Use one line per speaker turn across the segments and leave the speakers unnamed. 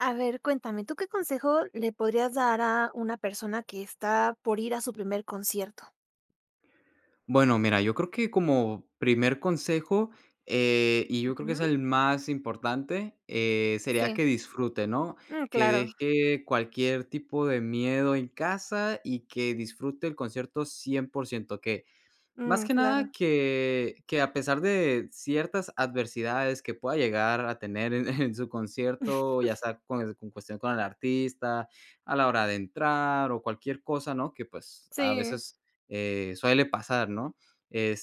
A ver, cuéntame, ¿tú qué consejo le podrías dar a una persona que está por ir a su primer concierto?
Bueno, mira, yo creo que como primer consejo, eh, y yo creo que es
Ujú.
el más importante, eh, sería
Sí.
que disfrute, ¿no?,
Mm,
que
claro.
deje cualquier tipo de miedo en casa y que disfrute el concierto 100% que, más
Mm,
que nada
claro.
que que a pesar de ciertas adversidades que pueda llegar a tener, eh, en su concierto, ya sea con en cuestión con el artista, a la hora de entrar o cualquier cosa, ¿no?, que pues a
Sí.
veces, eh, suele pasar, ¿no?,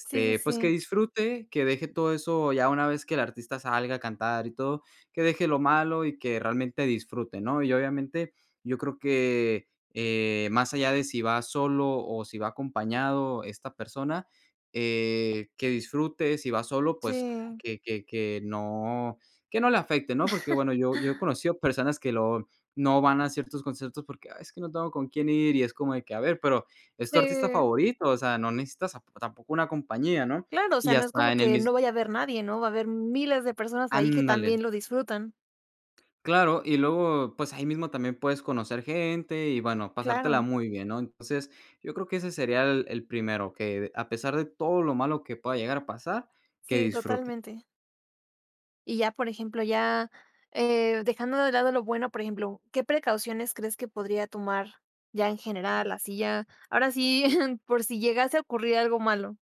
Sí, sí,
pues que
sí.
disfrute, que deje todo eso ya una vez que el artista salga a cantar y todo, que deje lo malo y que realmente disfrute, ¿no?, y obviamente, yo creo que, eh, más allá de si va solo o si va acompañado esta persona, eh, que disfrute si va solo, pues
Sí.
que que que no que no le afecte, ¿no?, porque bueno, yo yo he conocido personas que lo no van a ciertos conciertos porque: "Ah, es que no tengo con quién ir", y es como de que: "A ver, pero es tu artista
Sí.
favorito", o sea, no necesitas tapo tampoco una compañía, ¿no?,
Claro,
y
osea, no es
hasta
como
en el
que
mis
no vaya a haber nadie, ¿no? Va a haber miles de personas ahí que
Ándale.
también lo disfrutan.
Claro, y luego pues ahí mismo también puedes conocer gente, y bueno, pasártela
Claro.
muy bien, ¿no?, entonces yo creo que ese sería el el primero, que a pesar de todo lo malo que pueda llegar a pasar, que
Sí,
disfrute.
totalmente. Y ya, por ejemplo, ya, eh, dejando de lado lo bueno, por ejemplo, ¿qué precauciones crees que podría tomar, ya en general así ya, ahora sí, por si llegase a ocurrir algo malo?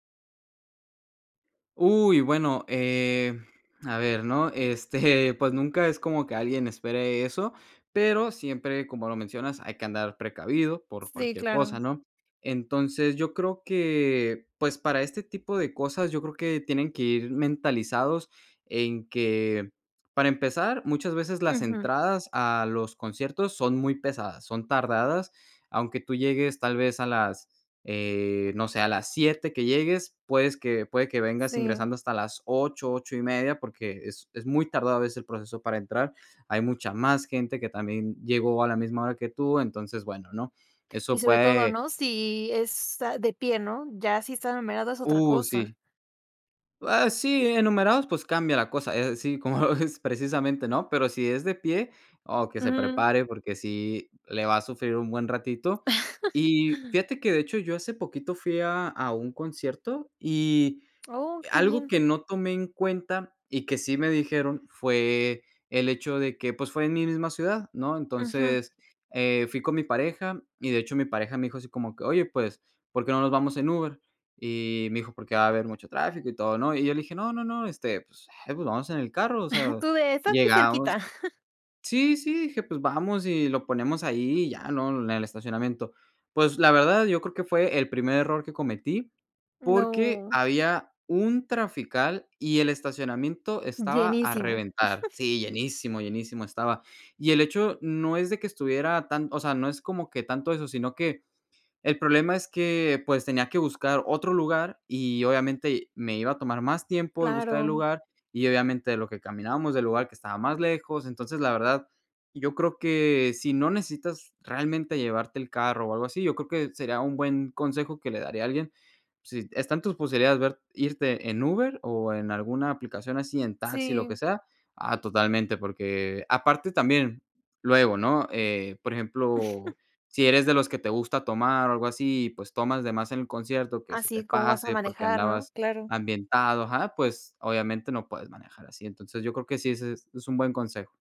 Uy, bueno, eh, a ver, ¿no?, este, pues nunca es como que alguien espere eso, pero siempre, como lo mencionas, hay que andar precavido por
Sí,
cualquier cosa,
claro.
¿no?, entonces yo creo que, pues para este tipo de cosas, yo creo que tienen que ir mentalizados en que para empezar muchas veces las
Ujú.
entradas a los conciertos son muy pesadas, son tardadas, aunque tú llegues tal vez a las, eh, no sé, a las 7 que llegues, puedes que puede que vengas
Sí.
ingresando hasta las 8, 8 y media porque es es muy tardado a veces el proceso para entrar, hay mucha más gente que también llegó a la misma hora que tú, entonces bueno, ¿no?,
Y
eso
sobre todo,
puede
¿no?, si es, ah, de pie, ¿no?, ya si está numerado es otra
Uh,
cosa.
sí. Ah, sí, enumerados, pues cambia la cosa, eh, sí, como lo ves, precisamente ¿no? Pero si es de pie, oh, que se
Ujú.
prepare porque sí le va a sufrir un buen ratito y fíjate que de hecho, yo hace poquito fui a a un concierto y
Oh, qué
algo
bien.
que no tomé en cuenta y que sí me dijeron fue, el hecho de que pues fue en mi misma ciudad, ¿no?
Ujú.
Entonces, eh, fui con mi pareja y de hecho, mi pareja me dijo así como que: "Oye, pues ¿por qué no nos vamos en Uber?". Y me dijo: "Porque va a haber mucho tráfico y todo", ¿no? Y yo le dije: "No, no, no, este pues, eh, pues vamos en el carro, o sea".
Tú de: "Es aquí
Llegamos
cerquita".
Sí, sí, dije: "Pues vamos y lo ponemos ahí y ya", ¿no?, en el estacionamiento". Pues la verdad, yo creo que fue el primer error que cometí porque
No.
había un trafical y el estacionamiento estaba a
Llenísimo.
reventar Sí, llenísimo, llenísimo estaba y el hecho no es de que estuviera tan o sea, no es como que tanto eso, si no que el problema es que pues tenía que buscar otro lugar y obviamente me iba a tomar más tiempo el buscar el
Claro.
lugar y obviamente a lo que caminábamos del lugar que estaba más lejos, entonces la verdad, yo creo que si no necesitas realmente llevarte el carro o algo así, yo creo que sería un buen consejo que le daría a alguien. Sí están en tus posibilidades ver irte en Uber o en alguna aplicación así en taxi, lo que
Sí.
sea, ah, totalmente, porque aparte también, luego, ¿no?, eh, por ejemplo, si eres de los que te gusta tomar o algo así, pues tomas de más en el concierto que
Ah,
se te
sí, ¿cómo vas a
pase porque
manejar, no?
andabas
Claro.
ambientado, ajá, pues obviamente no puedes manejar así. Entonces yo creo que sí, ese es es un buen consejo.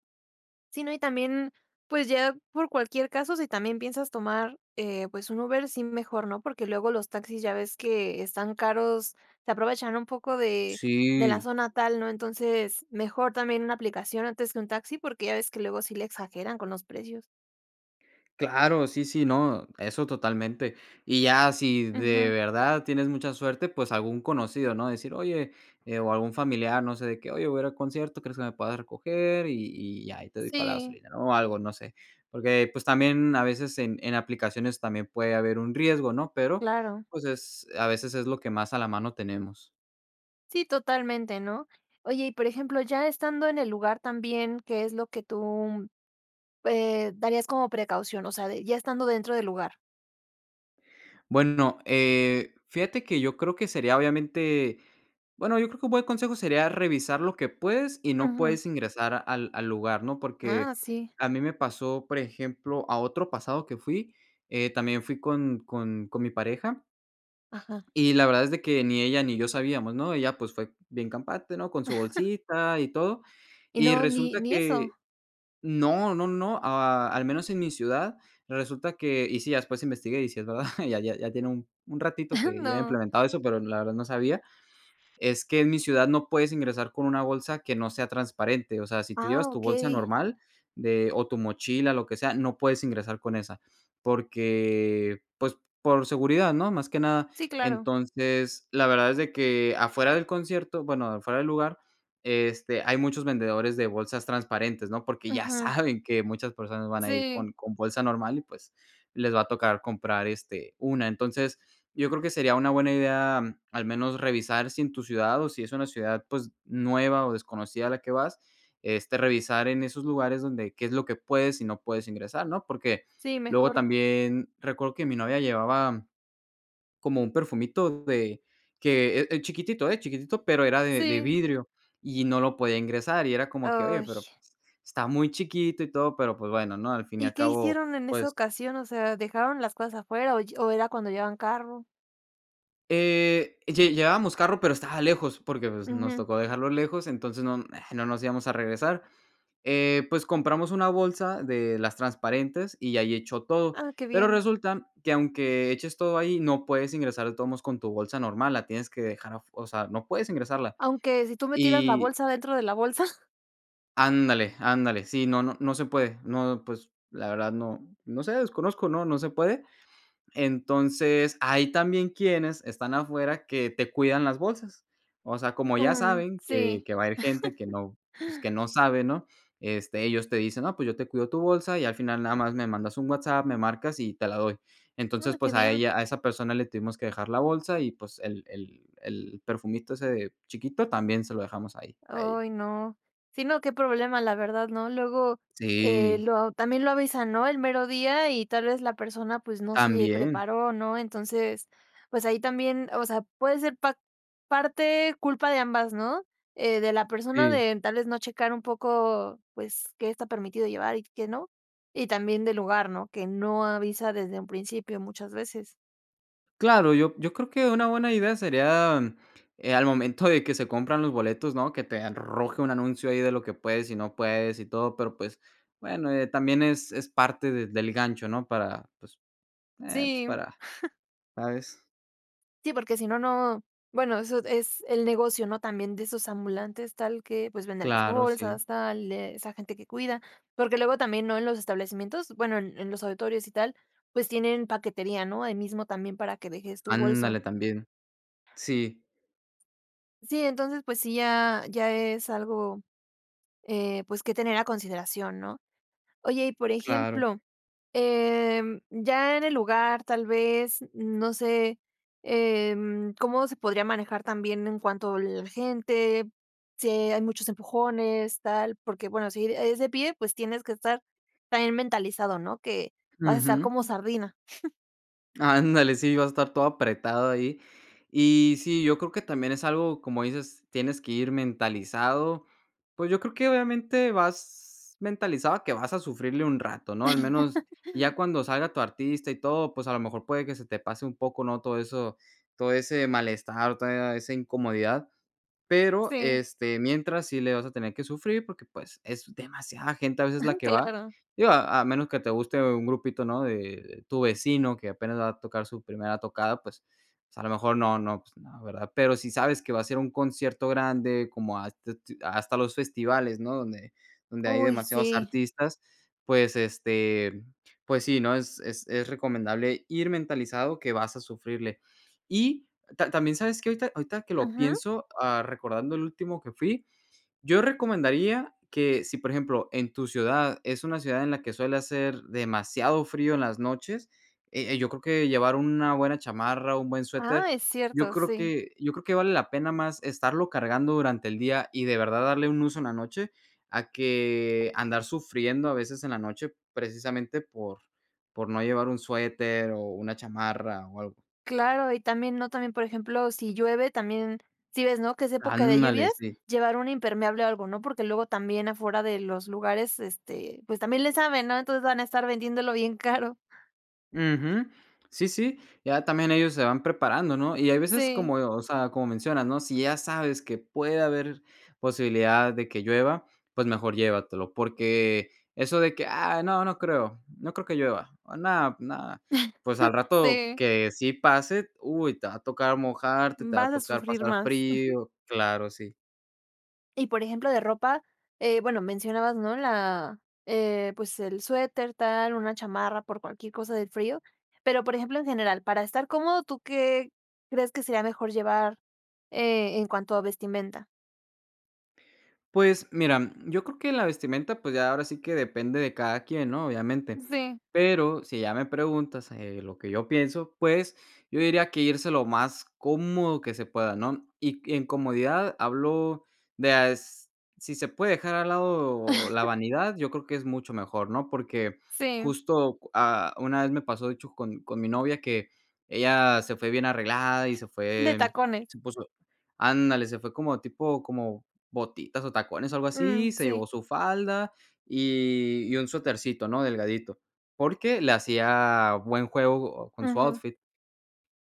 Sí, no, y también pues ya por cualquier caso, si también piensas tomar, eh, pues un Uber sí, mejor, ¿no?, porque luego los taxis ya ves que están caros. Se aprovechan un poco de de la
Sí.
zona tal, ¿no? Entonces mejor también una aplicación antes que un taxi porque ya ves que luego sí le exageran con los precios.
Claro. Sí, sí, no, eso totalmente. Y ya si de
Ujú.
verdad tienes mucha suerte, pues algún conocido ¿no? decir: "Oye", eh, o algún familiar, no sé, de qué: "Oye, voy a ir al concierto, ¿crees que me puedas recoger y y ya, ahí te doy para la
Sí.
gasolina", ¿no?, o algo, no sé. Porque pues también a veces en en aplicaciones también puede haber un riesgo, ¿no?, pero
Claro.
pues es a veces es lo que más a la mano tenemos.
Sí, totalmente, ¿no? Oye, y por ejemplo, ya estando en el lugar también, ¿qué es lo que tú, eh, darías como precaución, o sea, ya estando dentro del lugar.
Bueno, eh, fíjate que yo creo que sería obviamente Bueno, yo creo que un buen consejo sería revisar lo que puedes y no
Ujú.
puedes ingresar al al lugar, ¿no? Porque
Ah, sí.
a mí me pasó, por ejemplo, a otro pasado que fui, eh, también fui con con con mi pareja.
Ajá.
Y la verdad es de que ni ella ni yo sabíamos, ¿no?, ella pues fue bien campante, no con su bolsita y todo
Y
y
no, ni
resulta
ni eso.
que No, no, no, a al menos en mi ciudad, resulta que y sí, ya después investigué y si es verdad, ya ya ya tiene un un ratito que ya habían
No.
implementado eso, pero la verdad no sabía, es que en mi ciudad no puedes ingresar con una bolsa que no sea transparente. O sea, si tú llevas
Ah,
tu bolsa
okey.
normal de o tu mochila, lo que sea, no puedes ingresar con esa, porque, pues, por seguridad, ¿no?, más que nada.
Sí, claro.
Entonces la verdad es de que afuera del concierto, bueno, afuera del lugar, este hay muchos vendedores de bolsas transparentes, ¿no?, porque ya
Ujú.
saben que muchas personas van a ir
Sí.
con con bolsa normal y pues les va a tocar comprar este una. Entonces yo creo que sería una buena idea al menos revisar si en tu ciudad o si es una ciudad, pues nueva o desconocida a la que vas, este revisar en esos lugares donde qué es lo que puedes y no puedes ingresar, ¿no? Porque
Sí,
luego
mejor.
también recuerdo que mi novia llevaba como un perfumito de que e es chiquitito, ¿eh?, chiquitito, pero era de de
Sí.
vidrio y no lo podía ingresar y era como que: "Oye,
Uy.
pero pues está muy chiquito y todo", pero pues bueno, ¿no?, al fin y
Y,
al
¿qué
cabo,
hicieron en esa
pues
ocasión? O sea, ¿dejaron las cosas afuera? O y o, ¿era cuando llevaban carro?
Eh, lle llevábamos carro, pero estaba lejos, porque pues, nos
Ujú.
tocó dejarlo lejos. Entonces, no, ah, no nos íbamos a regresar. Eh, pues compramos una bolsa, de las transparentes, y ahí echó todo.
Ah, qué
Pero
bien.
resulta, que aunque eches todo ahí, no puedes ingresar de todos modos, con tu bolsa normal. La tienes que dejar afu o sea, no puedes ingresarla.
¿Aunque si tú metieras la
Y
bolsa, dentro de la bolsa?
Ándale, ándale. Sí, no no, no se puede. No, pues la verdad no no sé, desconozco. No, no se puede. Entonces, ahí también, quienes están afuera, que te cuidan las bolsas. O sea, como ya
Mm,
saben, que
sí.
que va a ir gente que no pues que no sabe, ¿no? Este, ellos te dicen: "No, pues yo te cuido tu bolsa. Y al final, nada más me mandas un WhatsApp. Me marcas, y te la doy".
Ah,
Entonces,
qué
pues a
bien.
ella, a esa persona le tuvimos que dejar la bolsa, y pues, el el el perfumito, ese chiquito, también se lo dejamos ahí, a ella.
Ay, no. Si, no, qué problema, la verdad, ¿no? Luego, eh,
Sí.
lo también lo avisan, ¿no?, el mero día, y tal vez, la persona, pues, no se
También.
preparó, ¿no? Entonces, pues, ahí también. O sea, puede ser pa parte culpa de ambas, ¿no? Eh, de la persona,
Sí.
de tal vez, no checar un poco, pues, qué está permitido llevar, y qué no. Y también del lugar, ¿no?, que no avisa desde un principio, muchas veces.
Claro, yo yo creo que una buena idea sería, mm, eh, al momento de que se compran los boletos, ¿no? Que te arroje un anuncio ahí de lo que puedes y no puedes y todo, pero pues bueno, eh, también es es parte de del gancho, ¿no? Para pues, eh, pues,
Sí.
para ¿Sabes?
Sí, porque si no, no Bueno, eso es el negocio, no también de esos ambulantes tal que, pues, venden las
Claro, sí.
bolsas tal de esa gente que cuida porque luego también ¿no?, en los establecimientos, bueno, en los auditorios y tal, pues tienen paquetería, no ahí mismo también para que dejes tu bolsa.
Ándale, también. Sí.
Sí. Entonces pues sí, ya ya es algo, eh, pues, que tener a consideración, ¿no? Oye, y por
Claro.
ejemplo, em, ya en el lugar, tal vez no sé, em, cómo se podría manejar también en cuanto la gente, si hay muchos empujones, tal porque bueno, si e es de pie, pues tienes que estar también mentalizado, ¿no?, que vas a estar
Ujú.
como sardina.
Ándale, sí, va a a estar todo apretado ahí. Y sí, yo creo que también es algo como dices: "Tienes que ir mentalizado". Pues, yo creo que obviamente vas mentalizado que vas a sufrirle un rato, ¿no? Al menos ya cuando salga tu artista y todo, pues, a lo mejor puede que se te pase un poco, no todo eso, todo ese malestar, toda esa incomodidad. Pero
Sí.
este mientras sí le vas a tener que sufrir, porque pues, es demasiada gente a veces la
Ujú.
que va,
Claro.
digo a a menos que te guste un grupito, ¿no?, de de tu vecino, que apenas va a tocar su primera tocada, pues pues a lo mejor no, no, pues no, ¿verdad? Pero si sabes que va a ser un concierto grande como has te tu hasta los festivales, no donde donde hay
Uy,
demasiados
sí.
artistas. Pues, este, pues sí, ¿no?, es es es recomendable ir mentalizado que vas a sufrirle. Y ta también, ¿sabes que?, ahorita ahorita que lo
Ujú.
pienso, ah, recordando el último que fui. Yo recomendaría que si, por ejemplo, en tu ciudad es una ciudad en la que suele hacer demasiado frío en las noches, e eh, yo creo que llevar una buena chamarra, un buen suéter.
Ah, es
Yo
cierto,
creo
sí.
que yo creo que vale la pena más estarlo cargando durante el día y de verdad darle un uso en la noche a que andar sufriendo a veces en la noche, precisamente por por no llevar un suéter, o una chamarra o algo.
Claro, y también, ¿no?, también, por ejemplo, si llueve también Si ves, ¿no?, que es época de
Ándale,
lluvias,
sí.
llevar un impermeable o algo, ¿no?, porque luego también afuera de los lugares este, pues, también le saben, ¿no?, entonces van a estar vendiéndolo bien caro.
Ujú. Sí, sí, ya también ellos se van preparando, ¿no? Y hay veces
Sí.
como, eh, o sea, como mencionas, ¿no? Si ya sabes que puede haber posibilidad de que llueva, pues mejor llévatelo porque eso de que: "Ah, no, no creo. No creo que llueva, ah, no, no". Pues al rato
Sí.
que sí pase, uy, te va a tocar mojarte, te va a
Vas a
tocar
sufrir
pasar
más, ujú.
frío. Claro, sí.
Y, por ejemplo, de ropa, eh, bueno, mencionabas, ¿no?, la, eh, pues, el suéter tal, una chamarra por cualquier cosa del frío. Pero, por ejemplo, en general, para estar cómodo, ¿tú qué crees que sería mejor llevar, eh, en cuanto a vestimenta?
Pues mira, yo creo que la vestimenta, pues, ya ahora sí que depende de cada quien, ¿no?, obviamente,
Sí.
pero, si ya me preguntas, eh, lo que yo pienso, pues, yo diría que irse lo más cómodo que se pueda, ¿no? Y y en comodidad hablo de, ah, es si se puede dejar al lado la vanidad, yo creo que es mucho mejor, ¿no? Porque
Sí.
justo, ah, una vez me pasó, de hecho con con mi novia que ella se fue bien arreglada y se
De
fue
tacones.
se puso Ándale, se fue como tipo como botitas o tacones o algo
Mm,
así, se
sí.
llevó su falda y y un suetercito, ¿no?, delgadito, porque le hacía buen juego con su
Ujú.
outfit.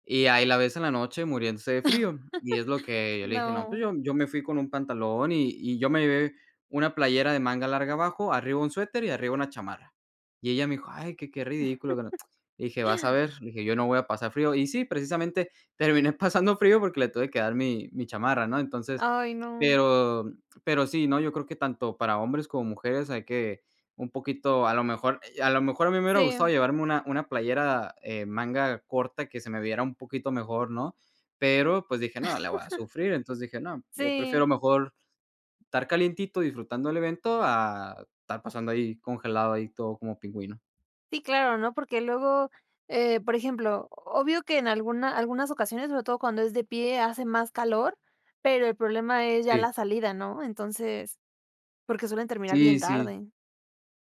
Y ahí la ves en la noche muriéndose de frío, y es lo que yo le dije: "No, pues
No.
yo yo me fui con un pantalón y y yo me lleve una playera de manga larga abajo, arriba un suéter y arriba una chamarra". Y ella me dijo: "Ay, qué qué ridículo, qué no" Dije: "Vas a ver", dije: "Yo no voy a pasar frío". Y sí, precisamente terminé pasando frío porque le tuve que dar mi mi chamarra, ¿no? Entonces,
Ay, no.
pero pero sí, ¿no? Yo creo que tanto para hombres como mujeres hay que un poquito, a lo mejor, eh, a lo mejor a mí me hubiera gustado
Sí.
llevarme una una playera, eh, manga corta que se me viera un poquito mejor, ¿no? Pero, pues dije: "No, le voy a sufrir", entonces, dije: "No, yo
Sí.
prefiero mejor estar calientito disfrutando del evento, a estar pasando ahí congelado, ahí todo como pingüino".
Sí, claro, ¿no?, porque luego, eh, por ejemplo, obvio que en alguna algunas ocasiones, sobre todo cuando es de pie, hace más calor, pero el problema es ya
Sí.
la salida, ¿no? Entonces, porque suelen terminar
Sí,
bien
sí.
tarde.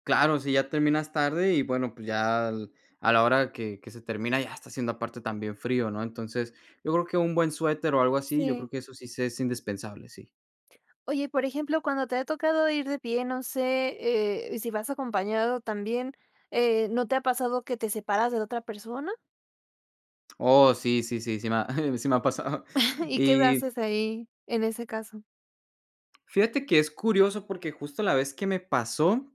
Claro, si ya terminas tarde, y bueno, pues ya, a la hora que que se termina ya está haciendo aparte también frío, ¿no? Entonces, yo creo que un buen suéter o algo así, yo creo
Sí.
que eso sí se es indispensable, sí.
Oye, y por ejemplo, cuando te ha tocado ir de pie, no sé, eh, si vas acompañado también, eh, ¿no te ha pasado que te separas de la otra persona?
Oh, sí, sí, sí, sí me ha sí me ha pasado,
¿Y qué
y
haces ahí, en ese caso?
fíjate que es curioso, porque, justo, la vez que me pasó,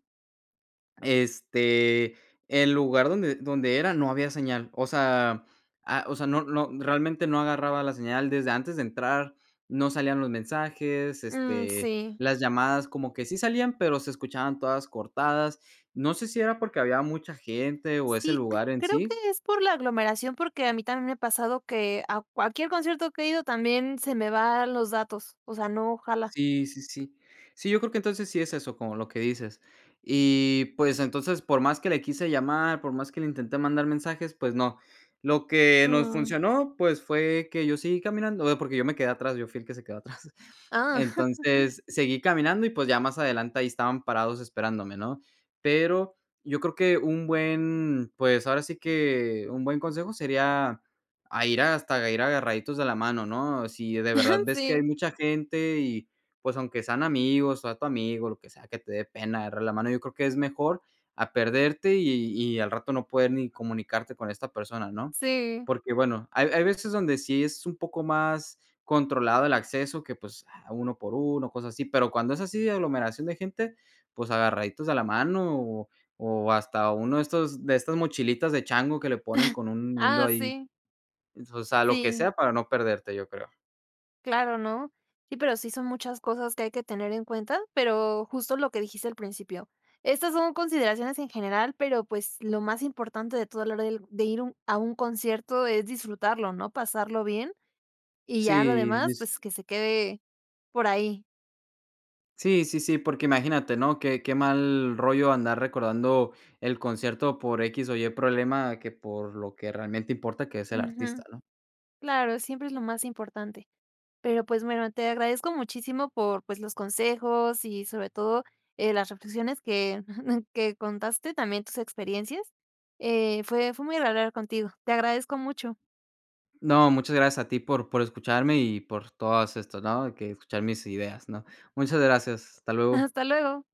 este, el lugar donde donde era no había señal, o sea, ah, o sea, no no, realmente no agarraba la señal, desde antes de entrar no salían los mensajes,
Mm,
este,
sí.
las llamadas como que sí salían, pero se escuchaban todas cortadas. No sé si era porque había mucha gente o ese
Sí, cre
lugar en
creo
sí.
que es por la aglomeración, porque a mí también me ha pasado que a cualquier concierto que he ido también se me van los datos. O sea, no, jala.
Sí, sí, sí, sí, yo creo que entonces, sí es eso como lo que dices. Y pues, entonces, por más que le quise llamar, por más que le intenté mandar mensajes, pues no. Lo que nos
Mm.
funcionó, pues, fue que yo seguí caminando, eh, porque yo me quedé atrás, yo fuí el que se quedó atrás.
Ah.
Entonces, seguí caminando, y pues, ya más adelante ahí estaban parados esperándome, ¿no? Pero, yo creo que un buen, pues ahora sí que, un buen consejo sería a ir hasta ir agarraditos de la mano, ¿no? Si de
Ajá,
verdad ves que hay
sí.
mucha gente, y pues, aunque sean amigos, o a tu amigo, lo que sea que te dé pena agarrar la mano, yo creo que es mejor a perderte y y al rato no poder ni comunicarte con esta persona, ¿no?
Sí.
Porque bueno, hay hay veces donde sí es un poco más controlado el acceso que, pues, a uno por uno o cosas así. Pero cuando es así de aglomeración de gente, pues, agarraditos a la mano, o o hasta uno de estos de estas mochilitas de chango que le ponen con un hilo
Ah,
ahí,
sí.
es, o sea, lo que
Sí.
sea para no perderte, yo creo.
Claro, ¿no? Sí, pero sí son muchas cosas que hay que tener en cuenta, pero, justo, lo que dijiste al principio. Estas son consideraciones en general, pero, pues, lo más importante de toda la hora d de ir un a un concierto es disfrutarlo, ¿no? Pasarlo bien, y ya lo
Sí,
demás,
dis
pues, que se quede por ahí.
Sí, sí, sí, porque imagínate, ¿no?, qué qué mal rollo andar recordando el concierto por x o y problema, que por lo que realmente importa que es el artista,
Ujú.
¿no?
Claro, siempre es lo más importante. Pero, pues, bueno, te agradezco muchísimo por, pues, los consejos y sobre todo, eh, las reflexiones que que contaste también tus experiencias, eh, fue fue muy agradable contigo. Te agradezco mucho.
No, muchas gracias a ti por por escucharme y por todos estos, ¿no? Que escuchar mis ideas, ¿no? Muchas gracias, hasta luego.
Hasta luego.